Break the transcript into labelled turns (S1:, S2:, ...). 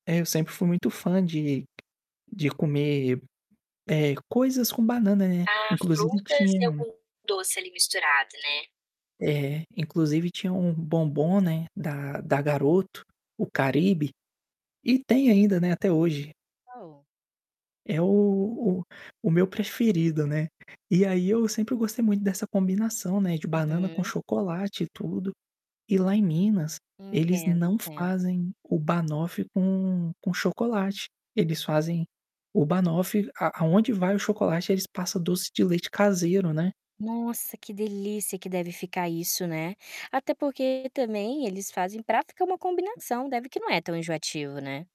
S1: Eu sempre fui muito fã de de comer, eh, coisas com banana, né.
S2: Ah,
S1: Inclusive
S2: frutas e
S1: tinha
S2: algum doce ali misturado, né.
S1: Eh, inclusive, tinha um bombom, né, da da Garoto, o Caribe. E tem ainda, né, até hoje.
S2: Ou.
S1: É o o o meu preferido, né. E aí eu sempre gostei muito dessa combinação, né, de banana com
S2: Uhum.
S1: chocolate e tudo. E lá em Minas, eles
S2: Entendo,
S1: não
S2: entendo.
S1: fazem o Banoffee com com chocolate, eles fazem o Banoffee a aonde vai o chocolate eles passa doce de leite caseiro, né.
S2: Nossa, que delícia que deve ficar isso, né. Até porque também eles fazem para ficar uma combinação, deve que não é tão enjoativo, né.